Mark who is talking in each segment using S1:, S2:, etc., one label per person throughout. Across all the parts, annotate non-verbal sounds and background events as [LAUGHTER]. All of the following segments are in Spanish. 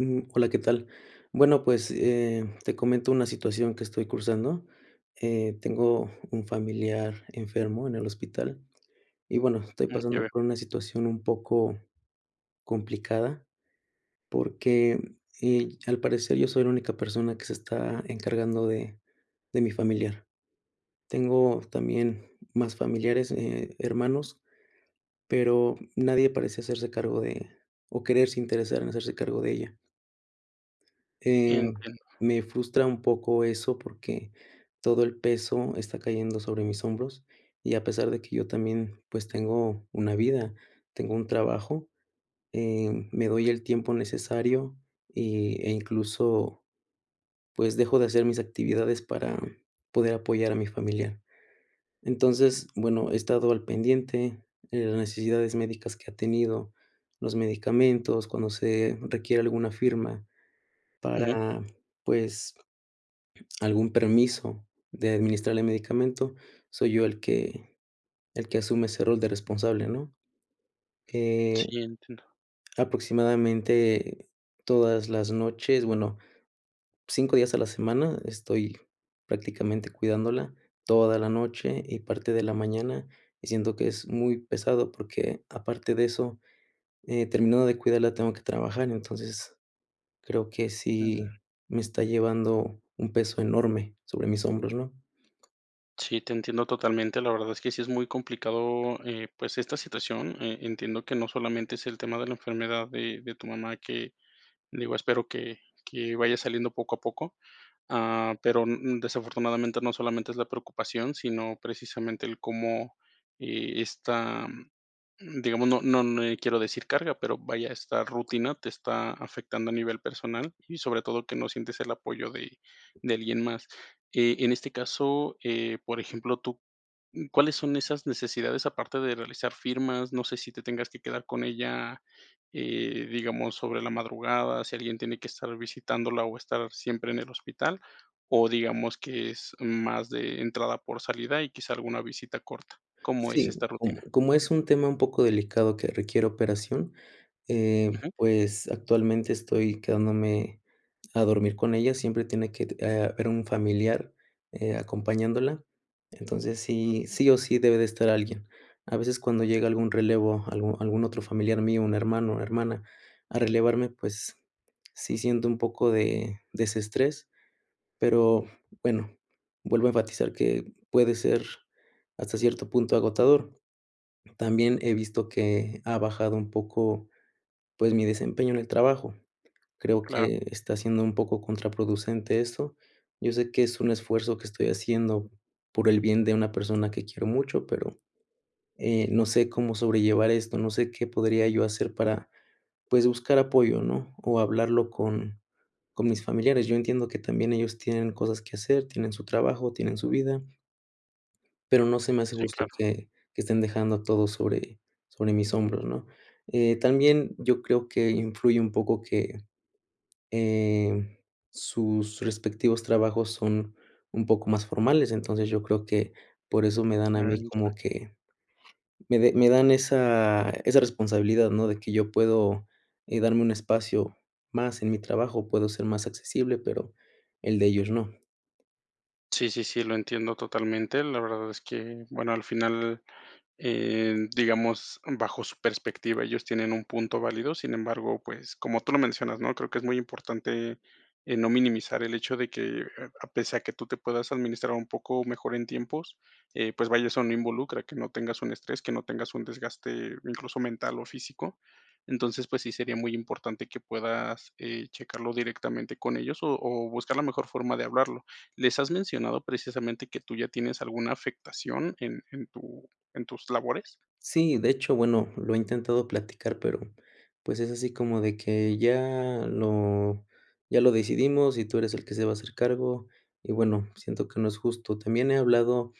S1: Ujú, hola, ¿qué tal? Bueno, pues, eh, te comento una situación que estoy cursando. Eh, tengo un familiar enfermo en el hospital. Y, bueno, estoy
S2: Mm, ya
S1: pasando
S2: veo.
S1: por una situación un poco complicada, porque, eh, al parecer yo soy la única persona que se está encargando de de mi familiar. Tengo también más familiares, eh, hermanos, pero nadie parece hacerse cargo de o quererse interesar en hacerse cargo de ella. Em,
S2: Entiendo.
S1: me frustra un poco eso, porque todo el peso está cayendo sobre mis hombros. Y a pesar de que yo también, pues, tengo una vida, tengo un trabajo, em, me doy el tiempo necesario, y e incluso, pues, dejo de hacer mis actividades para poder apoyar a mi familiar. Entonces, bueno, he estado al pendiente de las necesidades médicas que ha tenido, los medicamentos, cuando se requiere alguna firma,
S2: Ujú.
S1: para, pues, algún permiso de administrarle medicamento, soy yo el que el que asume ese rol de responsable, ¿no? Eh,
S2: Sí, entiendo.
S1: aproximadamente todas las noches bueno, 5 días a la semana estoy prácticamente cuidándola toda la noche, y parte de la mañana. Y siento que es muy pesado, porque, aparte de eso, eh, terminando de cuidarla, tengo que trabajar, entonces, creo que
S2: Mm.
S1: sí me está llevando un peso enorme sobre mis hombros, ¿no?
S2: Sí, te entiendo totalmente. La verdad es que sí es muy complicado, eh, pues, esta situación. Eh, entiendo que no solamente es el tema de la enfermedad de de tu mamá que, digo, espero que que vaya saliendo poco a poco. Ah, pero n n desafortunadamente no solamente es la preocupación, sino precisamente el cómo, eh, esta, mm, digamos, no no n eh, quiero decir carga. Pero, vaya, esta rutina te está afectando a nivel personal y, sobre todo, que no sientes el apoyo de de alguien más, eh, en este caso, eh, por ejemplo, tú, n ¿cuáles son esas necesidades aparte de realizar firmas? No sé si te tengas que quedar con ella, eh, digamos, sobre la madrugada, si alguien tiene que estar visitándola o estar siempre en el hospital, o digamos que es más de entrada por salida y quizá alguna visita corta. ¿Cómo es
S1: Sí,
S2: esta
S1: como
S2: rutina?
S1: como es un tema un poco delicado que requiere operación, eh,
S2: Ujú.
S1: pues, actualmente estoy quedándome a dormir con ella. Siempre tiene que t eh, haber un familiar, eh, acompañándola, entonces, sí sí o sí debe de estar alguien. A veces, cuando llega algún relevo, algún algún otro familiar mío, un hermano o hermana a relevarme, pues, sí siento un poco de desestrés, pero bueno, vuelvo a enfatizar que puede ser hasta cierto punto agotador. También he visto que ha bajado un poco, pues, mi desempeño en el trabajo, creo
S2: Claro.
S1: que está siendo un poco contraproducente esto. Yo sé que es un esfuerzo que estoy haciendo por el bien de una persona que quiero mucho, pero, eh, no sé cómo sobrellevar esto, no sé qué podría yo hacer para, pues, buscar apoyo, ¿no?, o hablarlo con con mis familiares. Yo entiendo que también ellos tienen cosas que hacer, tienen su trabajo, tienen su vida pero no se me hace
S2: Sí,
S1: justo
S2: claro.
S1: que que estén dejando todo sobre sobre mis hombros, ¿no?, eh, también yo creo que influye un poco que, eh, sus respectivos trabajos son un poco más formales. Entonces, yo creo que por eso me dan a mí
S2: Mm, ya.
S1: como que me de me dan esa esa responsabilidad, ¿no?, de que yo puedo, eh, darme un espacio más en mi trabajo, puedo ser más accesible, pero el de ellos no.
S2: Sí, sí, sí, lo entiendo totalmente. La verdad es que, bueno, al final, eh, digamos, bajo su perspectiva, ellos tienen un punto válido. Sin embargo, pues, como tú lo mencionas, ¿no? Creo que es muy importante, eh, no minimizar el hecho de que, eh, a pesar de que tú te puedas administrar un poco mejor en tiempos, eh, pues, vaya, eso no involucra que no tengas un estrés, que no tengas un desgaste, incluso, mental o físico. Entonces, pues, sí sería muy importante que puedas, eh, checarlo directamente con ellos, o o buscar la mejor forma de hablarlo, ¿les has mencionado precisamente que tú ya tienes alguna afectación en en tu en tus labores?
S1: Sí, de hecho, bueno, lo he intentado platicar, pero, pues, es así como de que: "Ya lo ya lo decidimos, y tú eres el que se va a hacer cargo". Y bueno, siento que no es justo. También he hablado,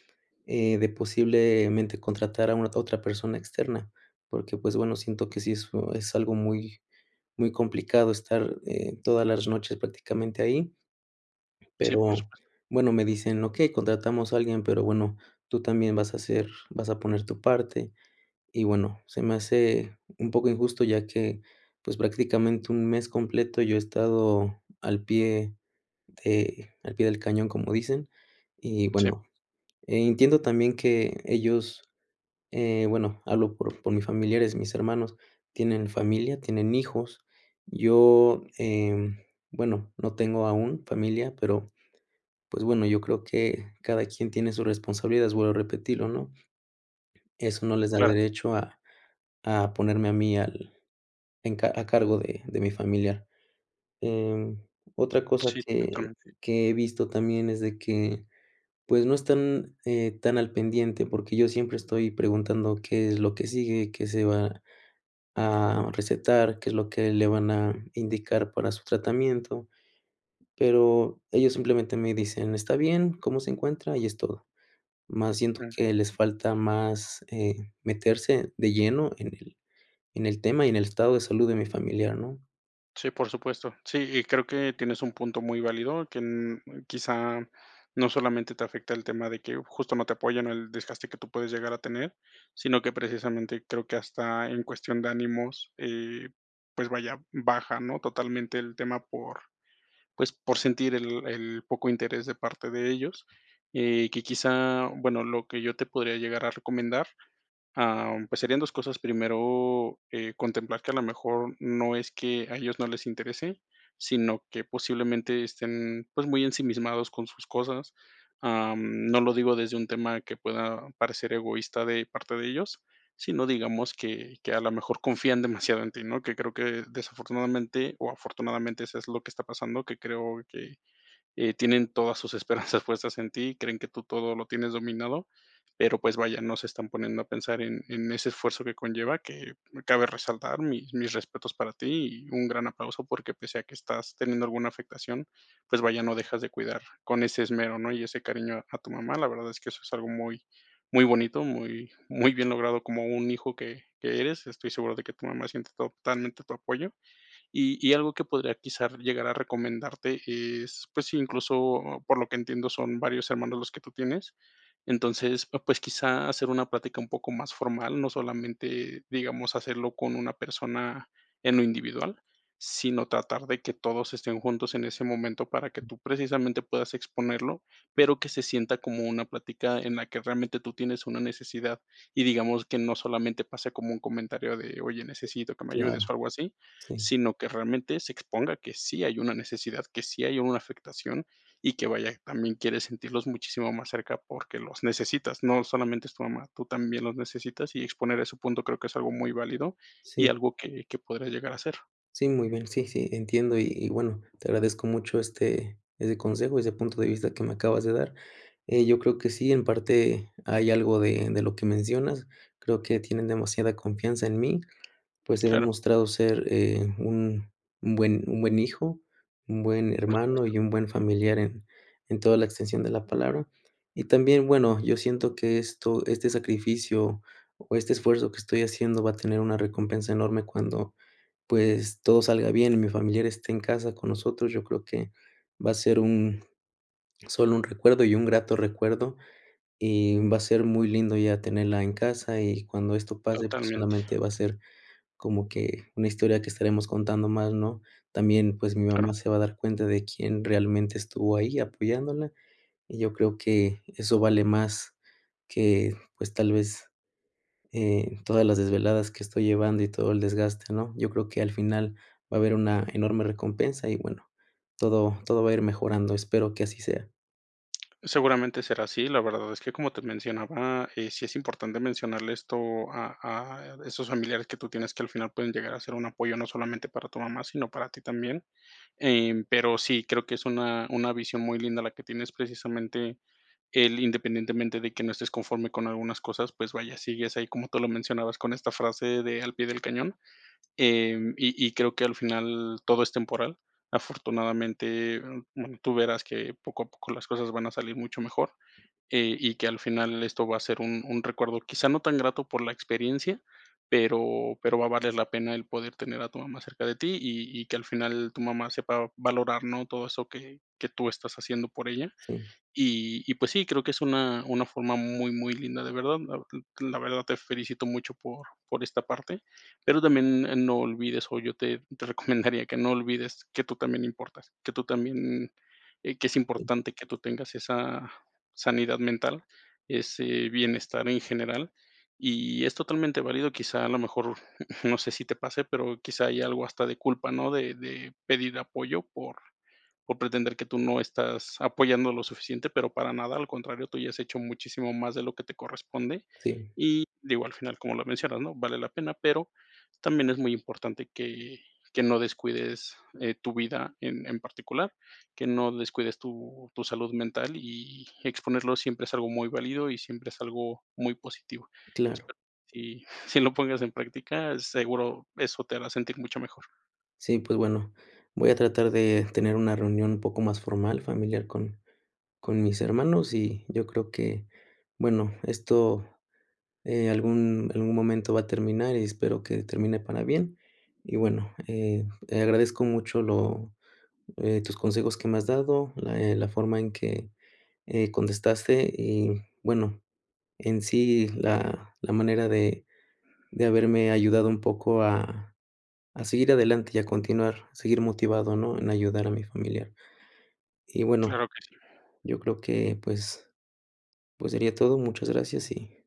S1: eh, de posiblemente contratar a una otra persona externa, porque, pues, bueno, siento que sí es oh es algo muy muy complicado estar, eh, todas las noches prácticamente ahí.
S2: Sí, por
S1: Pero
S2: supuesto.
S1: bueno, me dicen: "Okey, contratamos a alguien, pero bueno, tú también vas a ser vas a poner tu parte". Y bueno, se me hace un poco injusto ya que, pues, prácticamente 1 mes completo yo he estado al pie de al pie del cañón, como dicen. Y
S2: Sí.
S1: bueno, e entiendo también que ellos eh, bueno, hablo por por mis familiares, mis hermanos tienen familia, tienen hijos. Yo, eh, bueno, no tengo aún familia, pero, pues, bueno, yo creo que cada quien tiene su responsabilidad, vuelvo a repetirlo, ¿no? Eso no les da
S2: Claro.
S1: derecho a a ponerme a mí al en ca a cargo de de mi familiar. Eh, otra cosa
S2: Sí,
S1: que
S2: totalmente.
S1: que he visto también es de que, pues, no están, eh, tan al pendiente, porque yo siempre estoy preguntando qué es lo que sigue, qué se va a recetar, qué es lo que le van a indicar para su tratamiento. Pero ellos simplemente me dicen: "Está bien, ¿cómo se encuentra?, y es todo". Mas siento
S2: Mm.
S1: que les falta más, eh, meterse de lleno en el en el tema y en el estado de salud de mi familiar, ¿no?
S2: Sí, por supuesto. Sí, y creo que tienes un punto muy válido, que n quizá no solamente te afecta el tema de que justo no te apoyan, o el desgaste que tú puedes llegar a tener, sino que precisamente creo que hasta en cuestión de ánimos, eh, pues vaya, baja, ¿no?, totalmente el tema por, pues por sentir el el poco interés de parte de ellos. Eh, que quizá, bueno, lo que yo te podría llegar a recomendar, ah, pues, serían 2 cosas. Primero, eh, contemplar que a lo mejor no es que a ellos no les interese, sino que posiblemente estén, pues, muy ensimismados con sus cosas. Ah, no lo digo desde un tema que pueda parecer egoísta de parte de ellos, sino digamos que que a la mejor confían demasiado en ti, ¿no?, que creo que desafortunadamente, o afortunadamente eso es lo que está pasando, que creo que, eh, tienen todas sus esperanzas puestas en ti, creen que tú todo lo tienes dominado, pero pues vaya, no se están poniendo a pensar en en ese esfuerzo que conlleva, que cabe resaltar mis mis respetos para ti y un gran aplauso, porque pese a que estás teniendo alguna afectación, pues vaya, no dejas de cuidar con ese esmero, ¿no?, y ese cariño a tu mamá, la verdad es que eso es algo muy, muy bonito, muy, muy bien logrado como un hijo que que eres. Estoy seguro de que tu mamá siente totalmente tu apoyo. Y y algo que podría quizás llegar a recomendarte es, pues, si incluso por lo que entiendo son varios hermanos los que tú tienes. Entonces, pues, quizá hacer una plática un poco más formal, no solamente, digamos, hacerlo con una persona en lo individual, sino tratar de que todos estén juntos en ese momento para que tú precisamente puedas exponerlo, pero, que se sienta como una plática en la que realmente tú tienes una necesidad. Y digamos que no solamente pase como un comentario de: "Oye, necesito que me ayudes o
S1: Claro,
S2: algo así",
S1: sí.
S2: sino que realmente se exponga que sí hay una necesidad, que sí hay una afectación y que vaya, también quiere sentirlos muchísimo más cerca porque los necesitas, no solamente es tu mamá, tú también los necesitas y exponer a ese punto creo que es algo muy válido y
S1: Sí.
S2: algo que que podrías llegar a hacer.
S1: Sí, muy bien. Sí, sí, entiendo y y bueno, te agradezco mucho, este, ese consejo, ese punto de vista que me acabas de dar. Eh, yo creo que sí, en parte hay algo de de lo que mencionas. Creo que tienen demasiada confianza en mí. Pues, he
S2: Claro.
S1: demostrado ser, eh, un un buen un buen hijo, un buen
S2: Por
S1: hermano,
S2: supuesto.
S1: y un buen familiar en en toda la extensión de la palabra. Y también, bueno, yo siento que esto este sacrificio o este esfuerzo que estoy haciendo va a tener una recompensa enorme cuando, pues, todo salga bien y mi familiar esté en casa con nosotros, yo creo que va a ser un sólo un recuerdo y un grato recuerdo, y va a ser muy lindo ya tenerla en casa y cuando esto pase, pues,
S2: Totalmente.
S1: solamente va a ser como que una historia que estaremos contando más, ¿no?, también pues, mi mamá
S2: Claro.
S1: se va a dar cuenta de quién realmente estuvo ahí apoyándola y yo creo que eso vale más que, pues, tal vez, eh, todas las desveladas que estoy llevando y todo el desgaste, ¿no?, yo creo que al final va a haber una enorme recompensa y, bueno, todo todo va a ir mejorando. Espero que así sea.
S2: Seguramente será así, la verdad es que como te mencionaba, eh, sí es importante mencionarle esto a a esos familiares que tú tienes, que al final pueden llegar a ser un apoyo, no solamente para tu mamá, sino para ti también. Em, pero sí, creo que es una una visión muy linda la que tienes, precisamente el independientemente de que no estés conforme con algunas cosas, pues vaya, sigues ahí, como tú lo mencionabas, con esta frase de: "Al pie del cañón". Em, y y creo que al final todo es temporal. Afortunadamente, bueno, tú verás que poco a poco las cosas van a salir mucho mejor, eh, y que al final esto va a ser un un recuerdo, quizá, no tan grato por la experiencia, pero pero va a valer la pena el poder tener a tu mamá cerca de ti, y y que al final tu mamá sepa valorar, ¿no?, todo eso que que tú estás haciendo por ella.
S1: Sí.
S2: Y y, pues, sí, creo que es una una forma muy, muy linda, de verdad. L la verdad te felicito mucho por por esta parte, pero también, eh, no olvides o yo te te recomendaría que no olvides que tú también importas, que tú también eh, que es importante que tú tengas esa sanidad mental, ese bienestar en general, y es totalmente válido. Quizá a lo mejor, [CHUCKLES] no sé si te pase, pero, quizá, hay algo hasta de culpa, ¿no? De de pedir apoyo por por pretender que tú no estás apoyando lo suficiente, pero para nada, al contrario, tú ya has hecho muchísimo más de lo que te corresponde.
S1: Sí.
S2: Y, digo, al final, como lo mencionas, ¿no? Vale la pena, pero también es muy importante que que no descuides, eh, tu vida en en particular, que no descuides tu tu salud mental, y exponerlo siempre es algo muy válido, y siempre es algo muy positivo.
S1: Claro.
S2: Espero que sí sí lo pongas en práctica, seguro eso te hará sentir mucho mejor.
S1: Sí, pues bueno, voy a tratar de tener una reunión un poco más formal, familiar con con mis hermanos, y yo creo que, bueno, esto, eh, algún algún momento va a terminar y espero que termine para bien, y bueno, eh eh, agradezco mucho lo, eh, tus consejos que me has dado, la, eh, la forma en que, eh, contestaste y bueno, en sí la la manera de de haberme ayudado un poco a a seguir adelante y a continuar, seguir motivado, ¿no?, en ayudar a mi familiar. Y, bueno,
S2: Claro que sí.
S1: yo creo que, pues pues, sería todo, muchas gracias y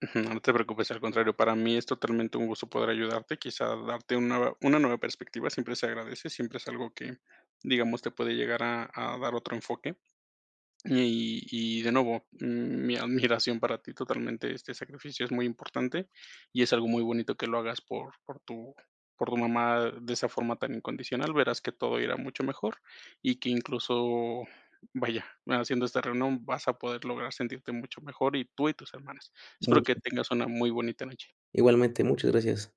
S2: [CHUCKLES] No te preocupes, al contrario, para mí es totalmente un gusto poder ayudarte, quizá darte una va una nueva perspectiva siempre se agradece, siempre es algo que, digamos, te puede llegar a a dar otro enfoque. Y y de nuevo, m mi admiración para ti totalmente, este sacrificio es muy importante, y es algo muy bonito que lo hagas por por tu por tu mamá de esa forma tan incondicional, verás que todo irá mucho mejor, y que incluso, vaya, haciendo esta reunión, vas a poder lograr sentirte mucho mejor y, tú y tus hermanas. Espero que
S1: Mucho.
S2: tengas una muy bonita noche.
S1: Igualmente, muchas gracias.